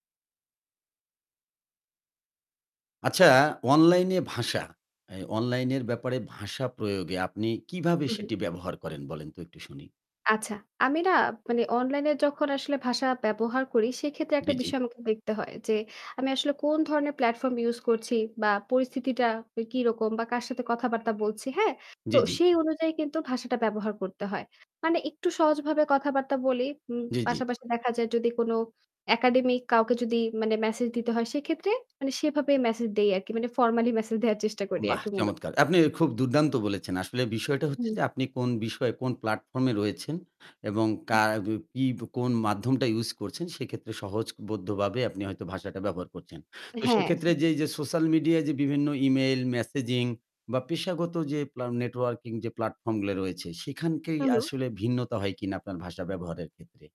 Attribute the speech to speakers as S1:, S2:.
S1: আচ্ছা অনলাইনে ভাষা, এ অনলাইন এর ব্যাপারে ভাষা প্রয়োগে আপনি কিভাবে
S2: হু, হু।
S1: সেটি ব্যবহার করেন বলেন তো একটু শুনি।
S2: আচ্ছা, আমি না মানে অনলাইনে যখন আসলে ভাষা ব্যবহার করি, সেক্ষেত্রে
S1: জি,
S2: একটা
S1: জি।
S2: বিষয় আমাকে দেখতে হয়, যে আমি আসলে কোন ধরনের প্ল্যাটফর্ম use করছি বা পরিস্থিতিটা কিরকম বা কার সাথে কথাবার্তা বলছি। হ্যাঁ?
S1: জি,
S2: তো
S1: জি।
S2: সেই অনুযায়ী কিন্তু ভাষাটা ব্যবহার করতে হয়। মানে একটু সহজভাবে কথাবার্তা বলি। উম
S1: জি, জি।
S2: পাশাপাশি দেখা যায় যদি কোনো একাডেমিক কাউকে যদি মানে মেসেজ দিতে হয় সেক্ষেত্রে মানে সেভাবে মেসেজ দেই আরকি। মানে ফর্মালি মেসেজ দেওয়ার চেষ্টা করি
S1: বাহ,
S2: আরকি মূলত।
S1: চমৎকার! আপনি খুব দুর্দান্ত বলেছেন। আসলে বিষয়টা হচ্ছে
S2: হুম।
S1: যে আপনি কোন বিষয়ে কোন প্লাটফর্ম এ রয়েছেন এবং
S2: হুম।
S1: কা বি পি কোন মাধ্যমটা use করছেন সেক্ষেত্রে সহজবদ্ধভাবে আপনি হয়তো ভাষাটা ব্যবহার করছেন। তো
S2: হ্যাঁ।
S1: সেক্ষেত্রে
S2: সেটাই।
S1: যে, যে সোশ্যাল মিডিয়ায় যে বিভিন্ন ইমেইল, মেসেজিং বা পেশাগত যে প্লাম নেটওয়ার্কিং যে প্লাটফর্ম গুলা রয়েছে সেখানেই
S2: হু, হু।
S1: আসলে ভিন্নতা হয় কিনা আপনার ভাষা ব্যবহারের ক্ষেত্রে?